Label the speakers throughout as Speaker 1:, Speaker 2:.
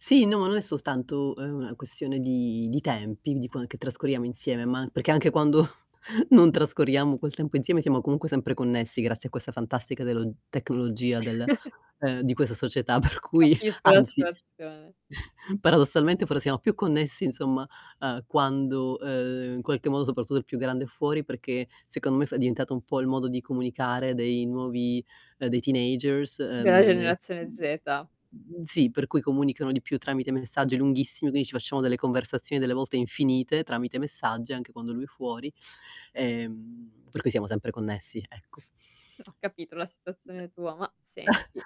Speaker 1: Sì, no, non è soltanto, uhm, una questione di di tempi, di quan che trascorriamo insieme, ma an perché anche quando non trascorriamo quel tempo insieme siamo comunque sempre connessi grazie a questa fantastica delo tecnologia del ehm, di questa società per cui
Speaker 2: Capisco la
Speaker 1: anzi,
Speaker 2: situazione.
Speaker 1: paradossalmente fra siamo più connessi, insomma, uhm, quando, ehm, in qualche modo soprattutto il più grande è fuori perché, secondo me è fa è diventato un po' il modo di comunicare dei nuovi, ehm, dei teenagers,
Speaker 2: Della
Speaker 1: uhm, e
Speaker 2: generazione
Speaker 1: mhmm,
Speaker 2: Z.
Speaker 1: sì, per cui comunicano di più tramite messaggi lunghissimi, quindi ci facciamo delle conversazioni delle volte infinite, tramite messaggi anche quando lui è fuori, ehm, per cui siamo sempre connessi, ecco.
Speaker 2: Ho capito la situazione tua, ma senti: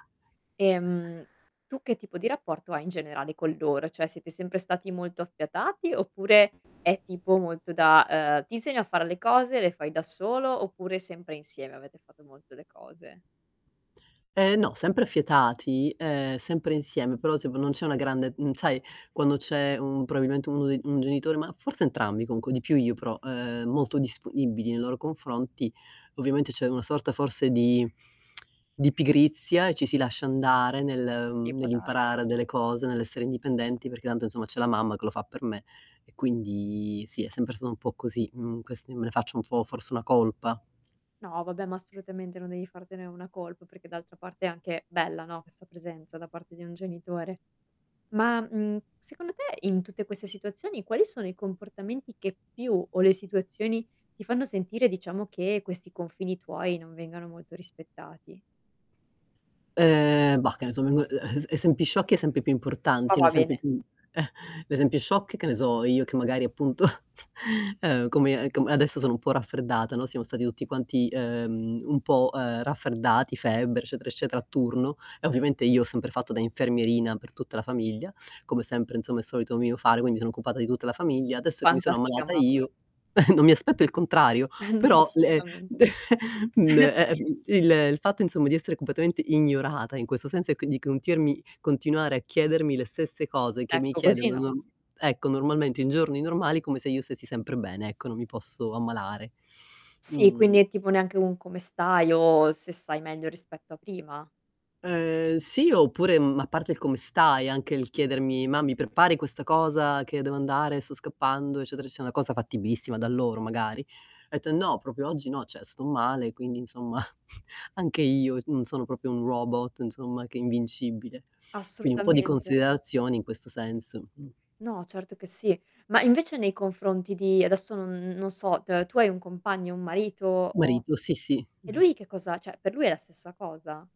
Speaker 2: ehm, tu che tipo di rapporto hai in generale con loro? Cioè, siete sempre stati molto affiatati, oppure è tipo molto da ehm, ti insegna a fare le cose, le fai da solo oppure sempre insieme avete fatto molto le cose?
Speaker 1: Ehm, no, sempre affiatati, ehm, sempre insieme, però se v non c'è una grande mhmm, sai quando c'è un probabilmente 1 dei un genitore ma forse entrambi comunque, di più io, però, ehm, molto disponibili nei loro confronti, ovviamente c'è una sorta forse di di pigrizia e ci si lascia andare nel
Speaker 2: Sì,
Speaker 1: ehm,
Speaker 2: può darsi.
Speaker 1: nell'imparare delle cose, nell'essere indipendenti perché tanto, insomma, "C'è la mamma che lo fa per me". E quindi, sì, è sempre stato un po' così, mhmm, quest io me ne faccio un po' forse una colpa.
Speaker 2: No, vabbè ma assolutamente non devi fartene una colpa, perché d'altra parte è anche bella, no, questa presenza da parte di un genitore. Ma, mhmm, secondo te in tutte queste situazioni quali sono i comportamenti che più, o le situazioni, ti fanno sentire, diciamo, che questi confini tuoi non vengano molto rispettati?
Speaker 1: Ehm, bah, che ne so, mi vengo uhm, es esempi sciocchi, esempi più
Speaker 2: Ma
Speaker 1: importanti. Un
Speaker 2: va
Speaker 1: esempio
Speaker 2: bene.
Speaker 1: più l'esempio sciocchi: che ne so, io che magari appunto, ehm, come a com adesso sono un po' raffreddata, no, siamo stati tutti quanti, ehm, un po', ehm, raffreddati, febbre eccetera, eccetera a turno e ovviamente io ho sempre fatto da infermierina per tutta la famiglia, come sempre insomma è solito mio fare, quindi sono occupata di tutta la famiglia. Adesso che mi sono
Speaker 2: Fantastica
Speaker 1: ammalata
Speaker 2: mamma.
Speaker 1: io, non mi aspetto il contrario,
Speaker 2: No,
Speaker 1: però le
Speaker 2: assolutamente.
Speaker 1: mhmm, de ehm, il ehm, il fatto, insomma, di essere completamente ignorata in questo senso, e quindi, contiermi continuare a chiedermi le stesse cose che mi
Speaker 2: Ecco, così
Speaker 1: chiedono
Speaker 2: no.
Speaker 1: norm ecco, normalmente in giorni normali, come se io stessi sempre bene, ecco, non mi posso ammalare.
Speaker 2: Sì, quindi
Speaker 1: Mhmm
Speaker 2: è tipo neanche un: "Come stai?" o, se sai meglio rispetto a prima?
Speaker 1: Ehm, sì, oppure, mhmm, a parte il "come stai?" Anche il chiedermi: "Ma mi prepari questa cosa che io devo andare? Sto scappando", eccetera, eccetera, cosa fattibilissima da loro magari, ho etto: "Eh, no, proprio oggi no, cioè sto male". Quindi, insomma, anche io c non sono proprio un robot, insomma che è invincibile, quindi un pò di
Speaker 2: Assolutamente.
Speaker 1: considerazioni in questo senso, mh.
Speaker 2: No, certo che sì. Ma invece nei confronti di adesso non non so, t tu hai un compagno, un marito o
Speaker 1: Marito. Sì, sì.
Speaker 2: e lui che cosa cioè, per lui è la stessa cosa?